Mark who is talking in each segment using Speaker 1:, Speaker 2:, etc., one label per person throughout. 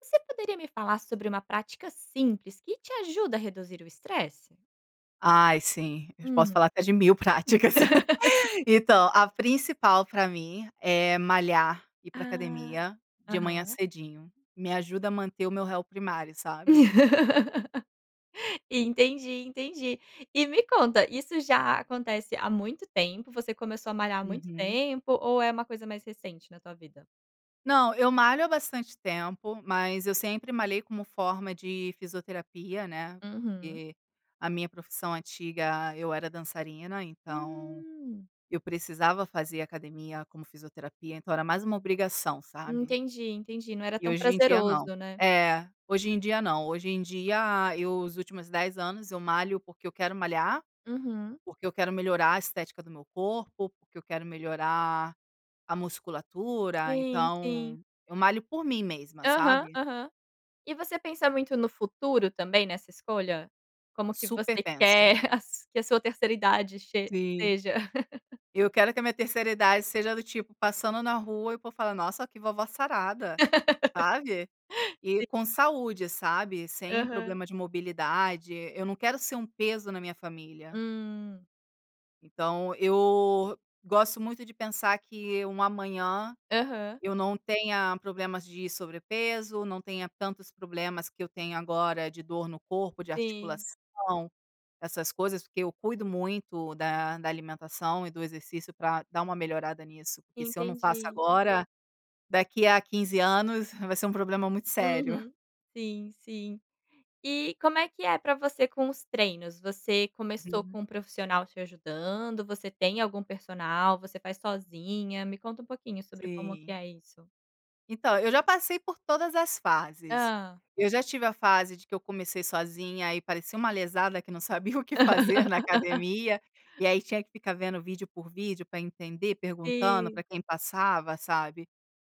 Speaker 1: Você poderia me falar sobre uma prática simples que te ajuda a reduzir o estresse?
Speaker 2: Ai sim, eu posso
Speaker 1: Uhum.
Speaker 2: falar que é de 1000 práticas, então a principal pra mim é malhar, ir pra
Speaker 1: Ah,
Speaker 2: academia de manhã
Speaker 1: aham.
Speaker 2: cedinho, me ajuda a manter o meu réu primário, sabe?
Speaker 1: Entendi, entendi, e me conta, isso já acontece há muito tempo, você começou a malhar muito
Speaker 2: Uhum.
Speaker 1: tempo ou é uma coisa mais recente na tua vida?
Speaker 2: Não, eu malho há bastante tempo, mas eu sempre malhei como forma de fisioterapia, né,
Speaker 1: Uhum.
Speaker 2: porque a minha profissão antiga eu era dançarina então
Speaker 1: Hum.
Speaker 2: eu precisava fazer academia como fisioterapia então era mais uma obrigação, sabe?
Speaker 1: Entendi, entendi, não era
Speaker 2: E
Speaker 1: tão
Speaker 2: hoje em dia não.
Speaker 1: prazeroso, né.
Speaker 2: É. Hoje em dia não, hoje em dia eu os últimos 10 anos eu malho porque eu quero malhar,
Speaker 1: Uhum.
Speaker 2: porque eu quero melhorar a estética do meu corpo, porque eu quero melhorar a musculatura
Speaker 1: Sim, sim.
Speaker 2: então eu malho por mim mesma,
Speaker 1: Aham,
Speaker 2: sabe?
Speaker 1: aham, e você pensa muito no futuro também nessa escolha? Como que
Speaker 2: Super
Speaker 1: você
Speaker 2: penso.
Speaker 1: quer as que a sua terceira idade che
Speaker 2: Sim,
Speaker 1: seja?
Speaker 2: eu quero que a minha terceira idade seja do tipo passando na rua e o povo falar, "Nossa, que vovó sarada", sabe? E
Speaker 1: Sim.
Speaker 2: com saúde, sabe, sem
Speaker 1: Aham.
Speaker 2: problemas de mobilidade, eu não quero ser um peso na minha família.
Speaker 1: Hum.
Speaker 2: Então, eu gosto muito de pensar que um amanhã
Speaker 1: Aham.
Speaker 2: eu não tenha problemas de sobrepeso, não tenha tantos problemas que eu tenho agora, de dor no corpo, de
Speaker 1: Sim.
Speaker 2: articulação, essas coisas, porque eu cuido muito da da alimentação e do exercício, pra dar uma melhorada nisso, porque se eu não faço
Speaker 1: Entendi.
Speaker 2: agora daqui a 15 anos vai ser um problema muito sério.
Speaker 1: Uhum, sim, sim. E como é que é para você com os treinos, você começou
Speaker 2: Uhum.
Speaker 1: com um profissional te ajudando, você tem algum personal, você faz sozinha? Me conta um pouquinho sobre como que
Speaker 2: Sim.
Speaker 1: é isso.
Speaker 2: Então, eu já passei por todas as fases,
Speaker 1: Hã.
Speaker 2: eu já tive a fase de que eu comecei sozinha e parecia uma lesada que não sabia o que fazer na academia, e aí tinha que ficar vendo vídeo por vídeo para entender, perguntando para
Speaker 1: Sim.
Speaker 2: quem passava, sabe,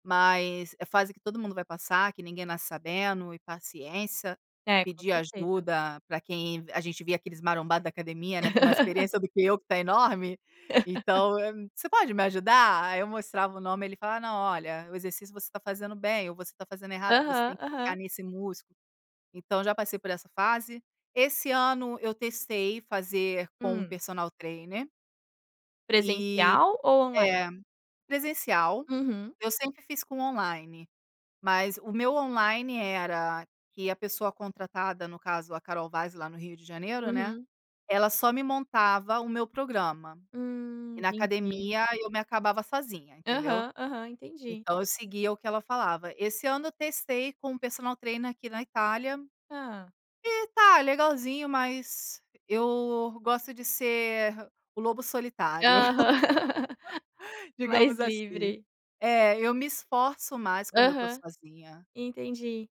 Speaker 2: mas é fase que todo mundo vai passar, que ninguém nasce sabendo e paciência,
Speaker 1: É, com
Speaker 2: pedir
Speaker 1: certeza.
Speaker 2: ajuda para quem a gente via aqueles marombado da academia, né, tem mais experiência do que eu que tá enorme, então: "Você pode me ajudar?" Aí eu mostrava o nome ele falava: "Não, olha, o exercício você tá fazendo bem ou você tá fazendo errado, que você
Speaker 1: Aham,
Speaker 2: tem que focar
Speaker 1: aham.
Speaker 2: nesse músculo." Então já passei por essa fase, esse ano eu testei fazer com
Speaker 1: Hum.
Speaker 2: personal trainer. E,
Speaker 1: Presencial ou online?
Speaker 2: é, presencial,
Speaker 1: Uhum.
Speaker 2: eu sempre fiz com online, mas o meu online era que a pessoa contratada no caso a Carol Vaz lá no Rio de Janeiro, né,
Speaker 1: Uhum.
Speaker 2: ela só me montava o meu programa,
Speaker 1: Hum,
Speaker 2: e na
Speaker 1: entendi.
Speaker 2: academia eu me acabava sozinha entendeu,
Speaker 1: Aham, aham, entendi.
Speaker 2: então eu seguia o que ela, falava esse ano testei com um personal treiner aqui na Itália
Speaker 1: Hã.
Speaker 2: e tá legalzinho, mas eu gosto de ser o lobo solitário,
Speaker 1: Aham. Mais
Speaker 2: digamos assim,
Speaker 1: livre.
Speaker 2: é, eu me esforço mais quando eu estou
Speaker 1: Aham,
Speaker 2: sozinha.
Speaker 1: entendi,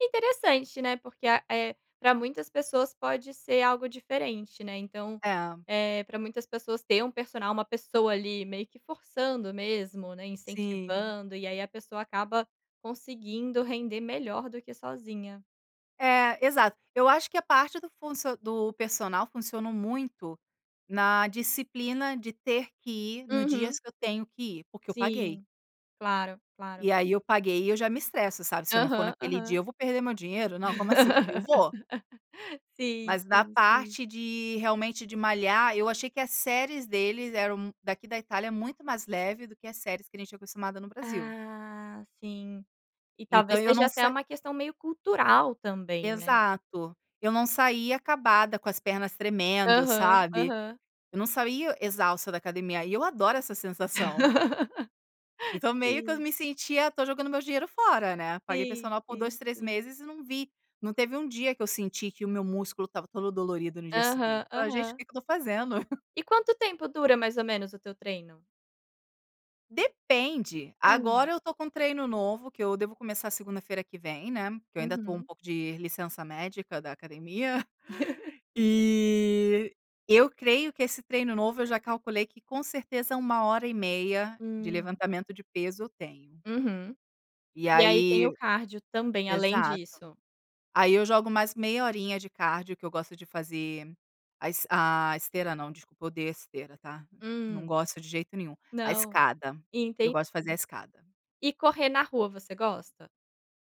Speaker 1: interessante, né, porque a eh, para muitas pessoas pode ser algo diferente, né, então,
Speaker 2: É.
Speaker 1: eh, para muitas pessoas ter um personal uma pessoa ali meio que forçando mesmo, né,
Speaker 2: Sim.
Speaker 1: incentivando e aí a pessoa acaba conseguindo render melhor do que sozinha.
Speaker 2: É, exato eu acho que a parte do funcion do personal funcionou muito na disciplina de ter que ir no dias
Speaker 1: Uhum.
Speaker 2: que eu tenho que ir, porque eu paguei.
Speaker 1: Sim, claro, claro.
Speaker 2: E aí eu paguei e eu já me estresso, sabe, se eu não for
Speaker 1: Aham,
Speaker 2: naquele dia
Speaker 1: aham.
Speaker 2: eu vou perder meu dinheiro, não como assim, eu vou.
Speaker 1: Sim,
Speaker 2: Mas da
Speaker 1: sim, sim.
Speaker 2: parte de ir, realmente de malhar, eu achei que as séries deles eram daqui da Itália, é muito mais leve do que as séries que a gente tinha acostumada no Brasil.
Speaker 1: Ah, sim, e
Speaker 2: Então
Speaker 1: talvez
Speaker 2: eu
Speaker 1: seja
Speaker 2: não
Speaker 1: até
Speaker 2: se
Speaker 1: uma questão meio cultural também, né.
Speaker 2: Exato, eu não saía acabada, com as pernas tremendo,
Speaker 1: Aham,
Speaker 2: sabe,
Speaker 1: aham.
Speaker 2: eu não saía exausta da academia, e eu adoro essa sensação. Então meio que eu
Speaker 1: Sim.
Speaker 2: me sentia "Tô jogando meu dinheiro fora" né, paguei
Speaker 1: Sim,
Speaker 2: personal por 2,
Speaker 1: sim,
Speaker 2: 3
Speaker 1: sim.
Speaker 2: meses e não vi não teve um dia que eu senti que o meu músculo estava todo dolorido no dia
Speaker 1: Aham,
Speaker 2: seguinte, falei: "Gente o
Speaker 1: aham.
Speaker 2: que que eu tô fazendo?"
Speaker 1: E quanto tempo dura mais ou menos o teu treino?
Speaker 2: Depende,
Speaker 1: Hum.
Speaker 2: agora eu tô com um treino novo que eu devo começar segunda-feira que vem, né, que eu ainda estou um
Speaker 1: Uhum.
Speaker 2: pouco de licença médica da academia, e eu creio que esse treino novo, eu já calculei que com certeza é 1 hora e meia de
Speaker 1: Hum.
Speaker 2: levantamento de peso eu tenho.
Speaker 1: Uhum.
Speaker 2: E
Speaker 1: E aí
Speaker 2: aí,
Speaker 1: tem o cardio também, além
Speaker 2: exato
Speaker 1: disso.
Speaker 2: aí eu jogo mais meia horinha de cardio que eu gosto de fazer a es a esteira não, desculpa odeio a esteira tá, não
Speaker 1: Hum.
Speaker 2: gosto de jeito nenhum, a
Speaker 1: Não,
Speaker 2: escada, eu
Speaker 1: entendi.
Speaker 2: gosto de fazer a escada.
Speaker 1: E correr na rua você gosta?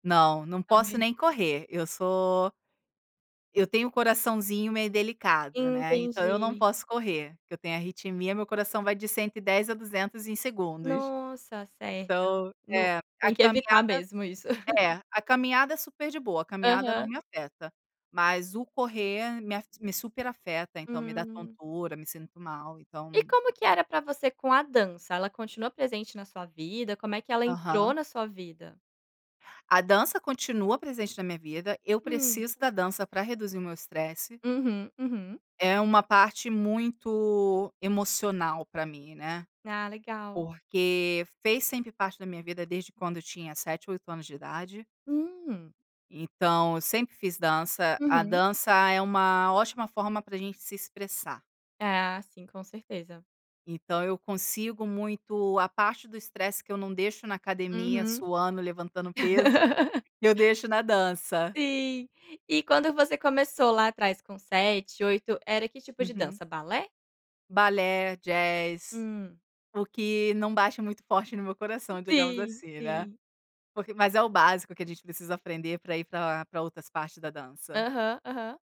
Speaker 2: Não, não posso
Speaker 1: Também não.
Speaker 2: nem correr eu sou eu tenho um coraçãozinho meio delicado, né, então eu não
Speaker 1: Entendi.
Speaker 2: posso correr, que eu tenho arritmia meu coração vai de 110 a 200 em segundos,
Speaker 1: Nossa, certo.
Speaker 2: então,
Speaker 1: Lo
Speaker 2: eh, a
Speaker 1: tem que
Speaker 2: caminhada,
Speaker 1: evitar mesmo isso.
Speaker 2: eh, a caminhada é super de boa, a caminhada não
Speaker 1: Aham.
Speaker 2: me afeta, mas o correr me af me super afeta. Então me dá
Speaker 1: Hum.
Speaker 2: tontura me sinto mal
Speaker 1: E
Speaker 2: então
Speaker 1: como que era pra você com a dança? Ela continua presente na sua vida? Como é que ela entrou
Speaker 2: Aham.
Speaker 1: na sua vida?
Speaker 2: A dança continua presente na minha vida, eu
Speaker 1: Hum.
Speaker 2: preciso da dança para reduzir meu estresse.
Speaker 1: Uhum, uhum.
Speaker 2: É uma parte muito emocional para mim, né,
Speaker 1: Ah, legal.
Speaker 2: porque fez sempre parte da minha vida desde quando tinha 7, 8 anos de idade.
Speaker 1: Hum.
Speaker 2: Então eu sempre fiz dança, a
Speaker 1: Uhum.
Speaker 2: dança é uma ótima forma para a gente se expressar.
Speaker 1: Ah, sim, com certeza.
Speaker 2: Então eu consigo muito, a parte do estresse que eu não deixo na academia
Speaker 1: Uhum.
Speaker 2: suando, levantando, peso, eu deixo na dança.
Speaker 1: Sim, e quando você começou lá atrás com 7, 8 era que tipo de
Speaker 2: Uhum.
Speaker 1: dança, balé?
Speaker 2: Balé, jazz,
Speaker 1: Hum.
Speaker 2: o que não bata muito forte no meu coração digamos,
Speaker 1: Sim,
Speaker 2: assim, né,
Speaker 1: sim.
Speaker 2: porque mas é o básico que a gente precisa aprender para ir para para outras partes da dança.
Speaker 1: Aham, aham.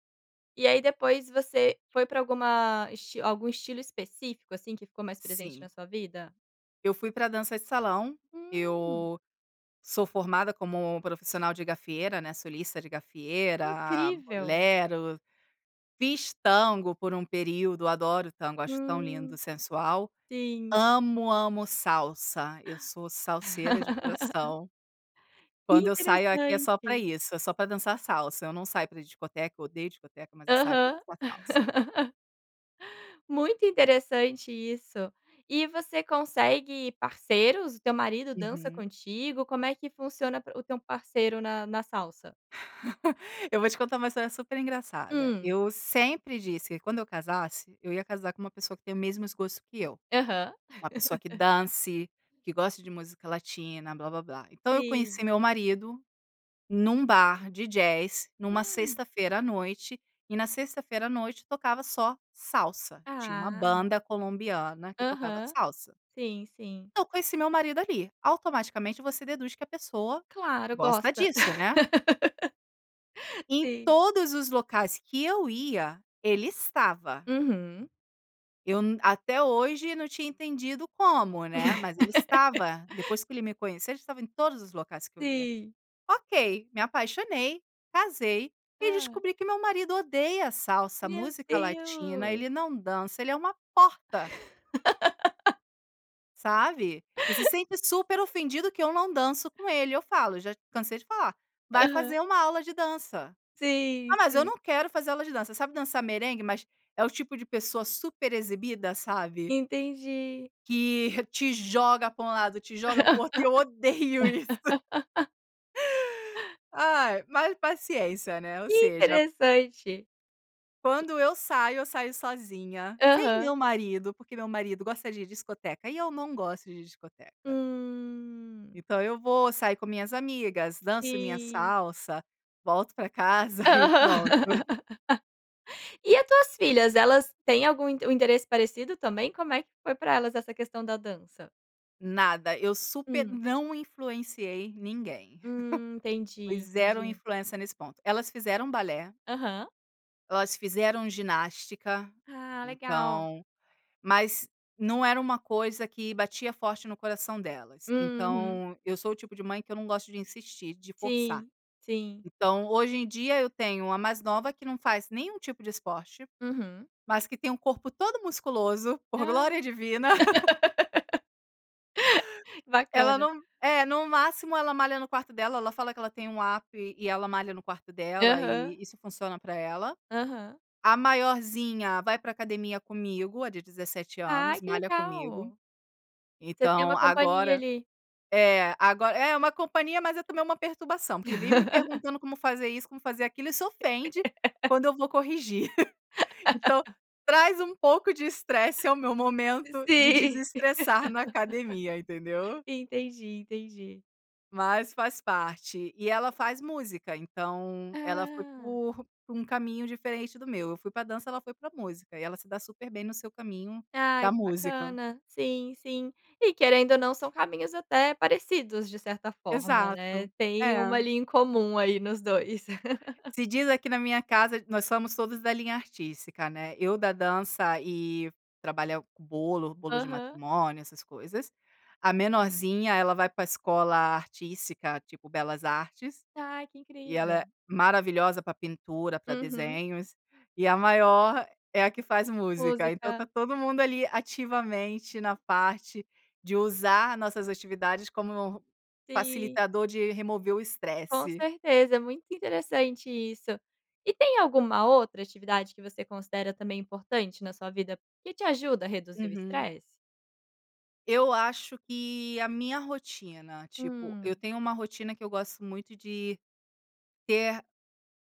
Speaker 1: E aí depois você foi pra alguma esti algum estilo específico, assim, que ficou mais presente na
Speaker 2: Sim.
Speaker 1: sua vida?
Speaker 2: Eu fui para dança de salão,
Speaker 1: Hum.
Speaker 2: eu sou formada como profissional de gafieira, né, solista de
Speaker 1: Que
Speaker 2: gafieira,
Speaker 1: incrível.
Speaker 2: bolero, fiz tango por um período, adoro tango, acho tão lindo,
Speaker 1: Hum,
Speaker 2: sensual.
Speaker 1: sim.
Speaker 2: Amo, amo salsa, eu sou salseira de coração.
Speaker 1: Que
Speaker 2: Quando eu saio aqui é só pra
Speaker 1: interessante.
Speaker 2: isso, é só pra dançar salsa, eu não saio pra discoteca, eu odeio discoteca, mas eu saio pra
Speaker 1: Aham.
Speaker 2: dançar salsa.
Speaker 1: Muito interessante isso, e você consegue parceiros, o teu marido dança
Speaker 2: Uhum.
Speaker 1: contigo, como é que funciona p o teu parceiro na na salsa?
Speaker 2: Eu vou te contar uma história super engraçada,
Speaker 1: Hum.
Speaker 2: eu sempre disse que quando eu casasse, eu ia casar com uma pessoa que tem os mesmos gostos que eu,
Speaker 1: Aham.
Speaker 2: uma pessoa que dance, que gosta de música latina, blábláblá, então eu
Speaker 1: Sim.
Speaker 2: conheci meu marido num bar de jazz numa
Speaker 1: Hum.
Speaker 2: sexta-feira à noite e na sexta-feira à noite tocava só salsa, tinha uma
Speaker 1: Ah.
Speaker 2: banda colombiana que tocava
Speaker 1: Aham,
Speaker 2: salsa.
Speaker 1: sim, sim.
Speaker 2: Então conheci meu marido, ali, automaticamente você deduz que a pessoa
Speaker 1: Claro,
Speaker 2: gosta
Speaker 1: gosta,
Speaker 2: disso, né? E em
Speaker 1: sim.
Speaker 2: todos os locais que eu ia ele estava.
Speaker 1: Uhum.
Speaker 2: Eu n até hoje não tinha entendido como, né, mas ele estava, depois que ele me conheceu a gente estava em todos os locais que eu ia,
Speaker 1: Sim.
Speaker 2: ok, me apaixonei, casei e
Speaker 1: Hã.
Speaker 2: descobri que meu marido odeia salsa,
Speaker 1: Meu
Speaker 2: música Latina,
Speaker 1: Deus!
Speaker 2: ele não dança, ele é uma porta. Sabe, e se sente super ofendido que eu não danço com ele, eu falo já cansei de falar: "Vai
Speaker 1: Aham.
Speaker 2: fazer uma aula de dança."
Speaker 1: Sim,
Speaker 2: "Ah, mas eu
Speaker 1: sim.
Speaker 2: não quero fazer aula de dança." Sabe dançar merengue, mas é o tipo de pessoa super exibida, sabe?
Speaker 1: Entendi.
Speaker 2: Que te joga para um lado, te joga pro outro, eu odeio isso. Ai, mas paciência, né, ou
Speaker 1: Que
Speaker 2: seja
Speaker 1: interessante. E.
Speaker 2: quando eu saio, eu saio sozinha sem
Speaker 1: Aham.
Speaker 2: meu marido, porque meu marido gosta de discoteca e eu não gosto de discoteca.
Speaker 1: Hum.
Speaker 2: Então eu vou sair com minhas amigas, danço minha
Speaker 1: Sim.
Speaker 2: salsa, volto para casa
Speaker 1: Aham,
Speaker 2: e pronto.
Speaker 1: e a tuas filhas? Elas têm algum inte um interesse parecido também, como é que foi pra elas essa questão da dança?
Speaker 2: Nada, eu super
Speaker 1: Hum.
Speaker 2: não influenciei ninguém,
Speaker 1: Hum,
Speaker 2: foi
Speaker 1: entendi,
Speaker 2: 0
Speaker 1: entendi.
Speaker 2: influência nesse ponto elas fizeram balé
Speaker 1: Aham.
Speaker 2: elas fizeram ginástica.
Speaker 1: Ah, legal.
Speaker 2: Então, mas não era uma coisa que batia forte no coração delas,
Speaker 1: Uhum.
Speaker 2: então eu sou o tipo de mãe que eu não gosto de insistir, de forçar.
Speaker 1: Sim, sim.
Speaker 2: Então hoje em dia eu tenho a mais nova que não faz nenhum tipo de esporte,
Speaker 1: Uhum.
Speaker 2: mas que tem um corpo todo musculoso por
Speaker 1: Ah
Speaker 2: glória divina. Ela
Speaker 1: bacana.
Speaker 2: não, é, no máximo ela malha no quarto dela, ela fala que ela tem app e ela malha no quarto dela
Speaker 1: Aham.
Speaker 2: e isso funciona para ela,
Speaker 1: Aham.
Speaker 2: a maiorzinha vai para academia comigo, a de 17 anos,
Speaker 1: Ai que
Speaker 2: malha comigo,
Speaker 1: legal. Você tem
Speaker 2: então
Speaker 1: uma companhia,
Speaker 2: agora
Speaker 1: ali.
Speaker 2: é, agora é uma companhia, mas é também uma perturbação, porque vive me perguntando como fazer isso, como fazer aquilo, e se ofende quando eu vou corrigir. Então traz um pouco de estresse ao meu momento de
Speaker 1: Sim,
Speaker 2: desestressar na academia, entendeu?
Speaker 1: entendi, entendi.
Speaker 2: Mas faz parte, e ela faz música. Então ela foi
Speaker 1: Ah.
Speaker 2: por por um caminho diferente do meu, eu fui para dança ela foi para música, e ela se dá super bem no seu caminho
Speaker 1: Ai
Speaker 2: da
Speaker 1: que
Speaker 2: música.
Speaker 1: bacana, sim, sim. E querendo ou não são caminhos até parecidos de certa forma, né,
Speaker 2: Exato,
Speaker 1: tem
Speaker 2: é.
Speaker 1: uma linha em comum aí nos 2.
Speaker 2: Se diz aqui na minha casa, nós somos todos da linha artística, né, eu da dança e trabalhar com bolo bolo de
Speaker 1: Aham.
Speaker 2: matrimônio essas coisas, a menorzinha ela vai para escola artística tipo Belas Artes,
Speaker 1: Ai, que
Speaker 2: e
Speaker 1: incrível.
Speaker 2: ela é maravilhosa para pintura, para
Speaker 1: Uhum.
Speaker 2: desenhos, e a maior é a que faz música, então tá
Speaker 1: Música.
Speaker 2: todo mundo, ali, ativamente na parte de usar as nossas atividades como
Speaker 1: Sim.
Speaker 2: facilitador de remover o
Speaker 1: Com
Speaker 2: estresse.
Speaker 1: certeza, é muito interessante isso. E tem alguma outra atividade que você considera também importante na sua vida, que te ajuda a reduzir o
Speaker 2: Uhum.
Speaker 1: estresse?
Speaker 2: Eu acho que a minha rotina tipo, eu
Speaker 1: Hum.
Speaker 2: tenho uma rotina que eu gosto muito de ter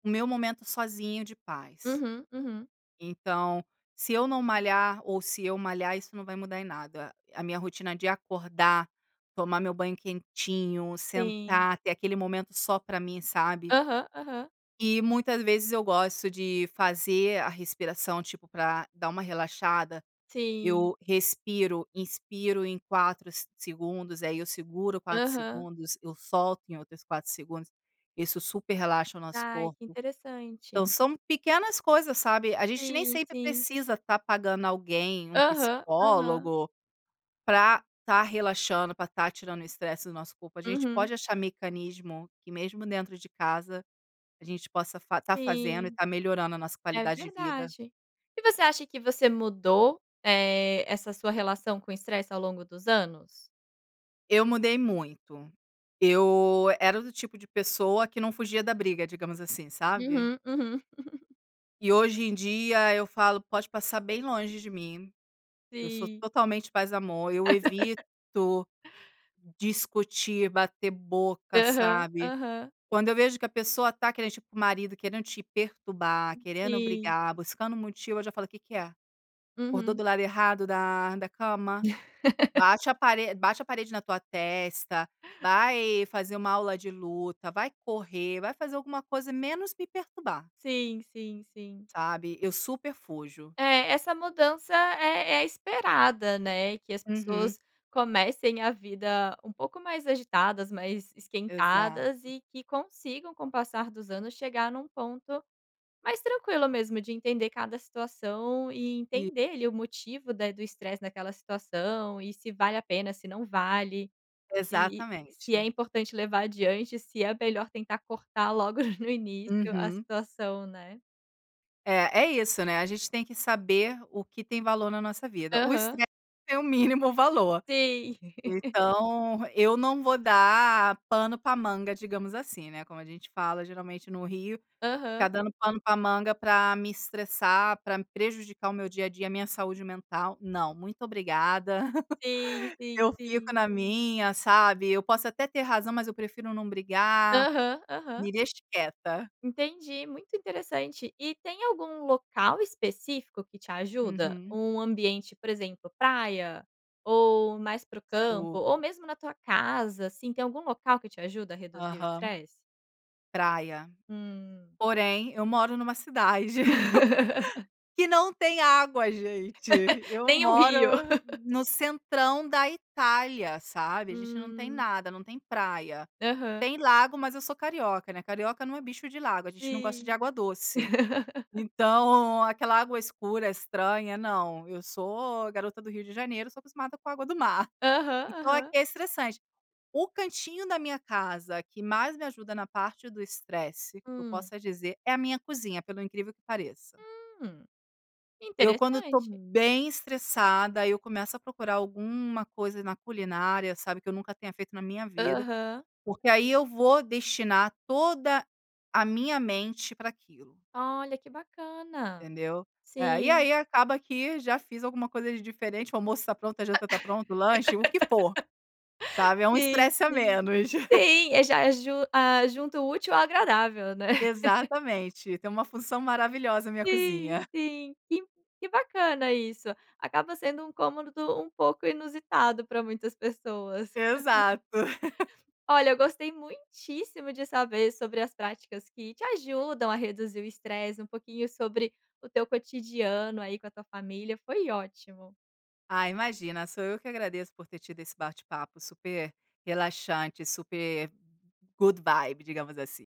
Speaker 2: o meu momento sozinho de paz.
Speaker 1: Uhum. Uhum.
Speaker 2: Então se eu não malhar ou se eu malhar isso não vai mudar em nada, a minha rotina de acordar tomar o meu banho quentinho
Speaker 1: Sim.
Speaker 2: sentar ter aquele momento só para mim, sabe?
Speaker 1: Aham, aham.
Speaker 2: E muitas vezes eu gosto de fazer a respiração tipo pra da uma relaxada
Speaker 1: Sim.
Speaker 2: eu respiro, inspiro em 4 s segundos aí eu seguro 4
Speaker 1: Aham.
Speaker 2: segundos eu solto em outros 4 segundos, isso super relaxa o nosso
Speaker 1: Ai, que
Speaker 2: corpo. Então
Speaker 1: interessante.
Speaker 2: são pequenas coisas, sabe, a gente nem
Speaker 1: Sim,
Speaker 2: sempre
Speaker 1: sim.
Speaker 2: precisa tá pagando alguém um
Speaker 1: Aham, aham.
Speaker 2: psicólogo pra tá relaxando, pra tá tirando o estresse do nosso corpo, a gente
Speaker 1: Uhum.
Speaker 2: pode achar mecanismo que mesmo dentro de casa a gente possa tá fazendo e
Speaker 1: Sim.
Speaker 2: tá melhorando a nossa
Speaker 1: É
Speaker 2: qualidade de vida.
Speaker 1: verdade. E você acha que você mudou, eh, essa sua relação com estresse ao longo dos anos?
Speaker 2: Eu mudei muito, eu era do tipo de pessoa que não fugia da briga digamos assim, sabe?
Speaker 1: Uhum, uhum.
Speaker 2: E hoje em dia eu falo pode passar bem longe de mim. Eu sou
Speaker 1: Sim.
Speaker 2: totalmente paz e amor, eu evito discutir bater boca,
Speaker 1: Aham,
Speaker 2: sabe?
Speaker 1: aham.
Speaker 2: Quando eu vejo que a pessoa tá querendo tipo o marido, querendo te perturbar querendo
Speaker 1: Sim.
Speaker 2: brigar buscando motivo eu já falo: "O que que é? acordou
Speaker 1: Uhum.
Speaker 2: do lado errado da da cama bate a parede bate a parede na tua testa, vai fazer uma aula de luta, vai correr, vai fazer alguma coisa, menos me perturbar."
Speaker 1: Sim, sim, sim.
Speaker 2: Sabe, eu super fujo.
Speaker 1: É, essa mudança é é esperada né, que as
Speaker 2: Uhum.
Speaker 1: pessoas comecem a vida um pouco mais agitadas, mais esquentadas
Speaker 2: Exato.
Speaker 1: e que consigam com o passar dos anos chegar num ponto mais tranquilo mesmo de entender cada situação e
Speaker 2: Isso.
Speaker 1: entender ali o motivo da do estresse naquela situação. E se vale a pena se não vale, se se é
Speaker 2: Exatamente.
Speaker 1: importante levar adiante, se é melhor tentar cortar logo no início a
Speaker 2: Uhum.
Speaker 1: situação, né.
Speaker 2: É, é isso, né, a gente tem que saber o que tem valor na nossa vida o
Speaker 1: Aham.
Speaker 2: estresse é o mínimo valor.
Speaker 1: Sim.
Speaker 2: Então eu não vou dar pano pra manga digamos assim, né, como a gente fala geralmente no Rio ficar
Speaker 1: Aham.
Speaker 2: dando pano para manga para me estressar, para me prejudicar o meu dia a dia, minha saúde mental não muito obrigada,
Speaker 1: Sim, sim,
Speaker 2: eu fico
Speaker 1: sim.
Speaker 2: na minha, sabe? Eu posso até ter razão mas eu prefiro não brigar,
Speaker 1: Aham, aham.
Speaker 2: me deixe quieta.
Speaker 1: Entendi, muito interessante. E tem algum local específico que te ajuda
Speaker 2: Uhum.
Speaker 1: ou um ambiente, por exemplo praia ou mais para o
Speaker 2: Estou.
Speaker 1: campo ou mesmo na tua casa, assim, tem algum local que te ajuda a reduzir o
Speaker 2: Aham.
Speaker 1: estresse?
Speaker 2: Praia,
Speaker 1: Hum.
Speaker 2: porém eu moro em uma cidade que não tem água gente, eu
Speaker 1: Tem o
Speaker 2: moro
Speaker 1: Rio.
Speaker 2: no centrão da Itália, sabe? A gente não tem
Speaker 1: Hum.
Speaker 2: nada, não tem praia,
Speaker 1: Aham.
Speaker 2: tem lago mas eu sou carioca, né, carioca não é bicho de lago a gente não gosta de
Speaker 1: Sim.
Speaker 2: água doce. Então aquela água escura estranha não, eu sou garota do Rio de Janeiro sou acostumada com a água do mar.
Speaker 1: Aham,
Speaker 2: Então aqui
Speaker 1: aham.
Speaker 2: é estressante, o cantinho da minha casa que mais me ajuda na parte do estresse, que eu
Speaker 1: Hum.
Speaker 2: possa dizer, é a minha cozinha pelo o incrível que pareça.
Speaker 1: Hum,
Speaker 2: Eu quando estou
Speaker 1: interessante.
Speaker 2: bem estressada eu começo a procurar alguma coisa na culinária, sabe? Eu eu nunca tenha feito na minha vida,
Speaker 1: Aham.
Speaker 2: porque aí eu vou destinar toda a minha mente pra aquilo.
Speaker 1: Olha que bacana,
Speaker 2: Entendeu? É. E
Speaker 1: sim.
Speaker 2: ai acaba que já fiz alguma coisa de diferente, o almoço tá pronto, a janta tá pronta, o lanche o que for, sabe, é um
Speaker 1: Sim
Speaker 2: estresse a
Speaker 1: sim,
Speaker 2: menos.
Speaker 1: sim, eu já aju ah, junto útil ao agradável, né?
Speaker 2: Exatamente, tem uma função maravilhosa a minha
Speaker 1: Sim,
Speaker 2: cozinha.
Speaker 1: sim, que que bacana isso, acaba sendo um cômodo um pouco inusitado pra muitas pessoas.
Speaker 2: Exato.
Speaker 1: Olha, eu gostei muitíssimo de saber sobre as práticas que te ajudam a reduzir o stress, um pouquinho sobre o teu cotidiano aí com a tua família, foi ótimo.
Speaker 2: Ai, imagina sou eu que agradeço por ter tido esse bate-papo super relaxante, super good vibes, digamos assim.